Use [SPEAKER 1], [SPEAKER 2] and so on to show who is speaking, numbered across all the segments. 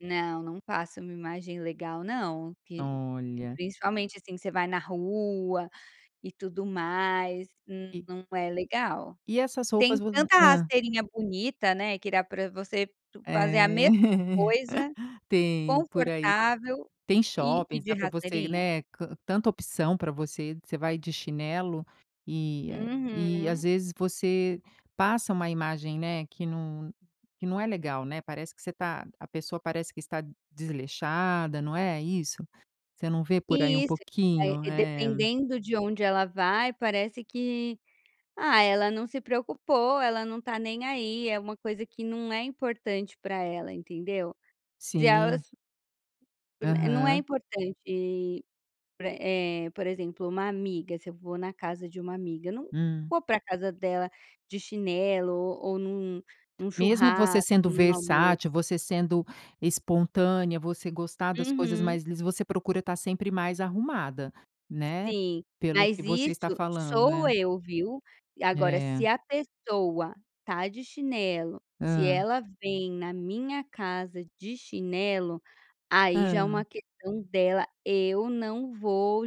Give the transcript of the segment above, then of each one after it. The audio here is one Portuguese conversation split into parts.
[SPEAKER 1] Não, não passa uma imagem legal, não, p
[SPEAKER 2] Olha.
[SPEAKER 1] principalmente assim que você vai na rua e tudo mais, n
[SPEAKER 2] E
[SPEAKER 1] não é legal.
[SPEAKER 2] E essas roupas
[SPEAKER 1] Tem
[SPEAKER 2] vo
[SPEAKER 1] tanta
[SPEAKER 2] hã.
[SPEAKER 1] rasteirinha bonita, né, que dá para você fazer
[SPEAKER 2] É,
[SPEAKER 1] a mesma coisa,
[SPEAKER 2] tem por aí,
[SPEAKER 1] confortável
[SPEAKER 2] tem
[SPEAKER 1] e ir
[SPEAKER 2] shoppings,
[SPEAKER 1] de
[SPEAKER 2] dá para você,
[SPEAKER 1] rasteirinha.
[SPEAKER 2] né, can tanta opção para você. Você vai de chinelo e e às
[SPEAKER 1] Uhum.
[SPEAKER 2] vezes você passa uma imagem, né, que não não é legal, não é. Parece que você está a pessoa parece que está desleixada, não é isso. Você não vê por aí um
[SPEAKER 1] E isso,
[SPEAKER 2] pouquinho,
[SPEAKER 1] eh,
[SPEAKER 2] é.
[SPEAKER 1] dependendo de onde ela vai, parece que: "Ah, ela não se preocupou, ela não está nem aí", é uma coisa que não é importante para ela, entendeu? Se
[SPEAKER 2] Sim.
[SPEAKER 1] elas Não é
[SPEAKER 2] Aham.
[SPEAKER 1] importante para eh, por exemplo, uma amiga, se eu vou na casa de uma amiga, não
[SPEAKER 2] Hum.
[SPEAKER 1] vou para casa dela de chinelo ou ou em um em um
[SPEAKER 2] Mesmo você
[SPEAKER 1] churrasco,
[SPEAKER 2] sendo
[SPEAKER 1] em um almoço.
[SPEAKER 2] versátil, você sendo espontânea, você gostar das coisas
[SPEAKER 1] Uhum.
[SPEAKER 2] li você procura estar sempre mais arrumada, né,
[SPEAKER 1] Sim,
[SPEAKER 2] pelo
[SPEAKER 1] mas
[SPEAKER 2] que você está
[SPEAKER 1] isso
[SPEAKER 2] falando,
[SPEAKER 1] sou
[SPEAKER 2] é.
[SPEAKER 1] eu, viu. Agora, se
[SPEAKER 2] É.
[SPEAKER 1] a pessoa está de chinelo, se
[SPEAKER 2] Hã.
[SPEAKER 1] ela vem na minha casa de chinelo, aí já é uma
[SPEAKER 2] Hã.
[SPEAKER 1] questão dela, eu não vou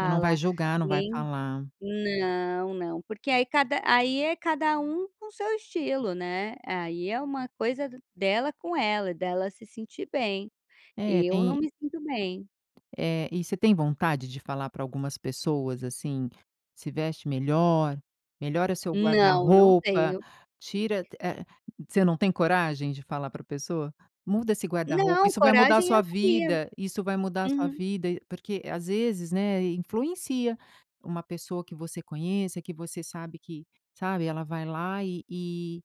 [SPEAKER 2] Não vai julgar, não vai
[SPEAKER 1] nem
[SPEAKER 2] falar.
[SPEAKER 1] Não, não, porque aí cada aí é cada um com seu estilo, né. Aí é uma coisa dela com ela, dela se sentir bem.
[SPEAKER 2] É
[SPEAKER 1] Eu não
[SPEAKER 2] tem
[SPEAKER 1] me sinto bem.
[SPEAKER 2] É, e você tem vontade de falar para algumas pessoas, assim, "Se veste melhor, melhora seu
[SPEAKER 1] Não, não
[SPEAKER 2] guarda-roupa,
[SPEAKER 1] tenho.
[SPEAKER 2] tira t eh", você não tem coragem de falar para a pessoa? "Muda esse guarda-roupa,
[SPEAKER 1] Não,
[SPEAKER 2] isso vai mudar a
[SPEAKER 1] coragem eu
[SPEAKER 2] sua
[SPEAKER 1] teria.
[SPEAKER 2] vida, isso vai mudar a sua
[SPEAKER 1] Uhum.
[SPEAKER 2] vida.", porque às vezes, né, influencia uma pessoa que você conheça, que você sabe que, sabe, ela vai lá e e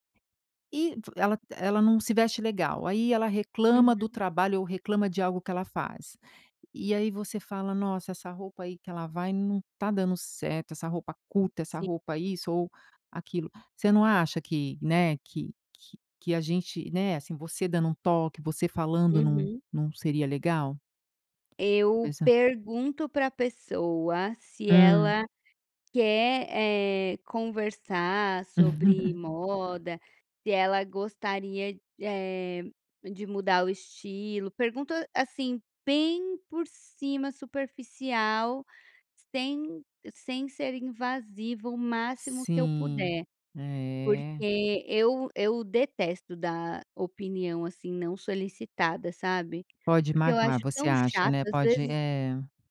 [SPEAKER 2] e ela ela não se veste legal, aí ela reclama do
[SPEAKER 1] Uhum.
[SPEAKER 2] trabalho ou reclama de algo que ela faz. E aí você fala: "Nossa, essa roupa aí que ela vai não está dando certo, essa roupa curta, essa
[SPEAKER 1] Sim.
[SPEAKER 2] roupa isso ou aquilo". Você não acha que, né, que que que a gente, né, assim, você dando um toque, você falando, não
[SPEAKER 1] Uhum.
[SPEAKER 2] não seria legal?
[SPEAKER 1] Eu
[SPEAKER 2] Pois é.
[SPEAKER 1] pergunto para a pessoa se
[SPEAKER 2] Hum.
[SPEAKER 1] ela quer, eh, conversar sobre moda, se ela gostaria, eh, de mudar o estilo. Pergunto, assim, bem por cima, superficial, sem sem ser invasiva o máximo que eu
[SPEAKER 2] Sim,
[SPEAKER 1] puder,
[SPEAKER 2] é.
[SPEAKER 1] porque eu eu detesto dar opinião assim não solicitada, sabe,
[SPEAKER 2] Pode
[SPEAKER 1] porque eu
[SPEAKER 2] magoar,
[SPEAKER 1] acho
[SPEAKER 2] você
[SPEAKER 1] tão
[SPEAKER 2] acha,
[SPEAKER 1] chato,
[SPEAKER 2] não é?
[SPEAKER 1] às
[SPEAKER 2] Pode
[SPEAKER 1] vezes.
[SPEAKER 2] é.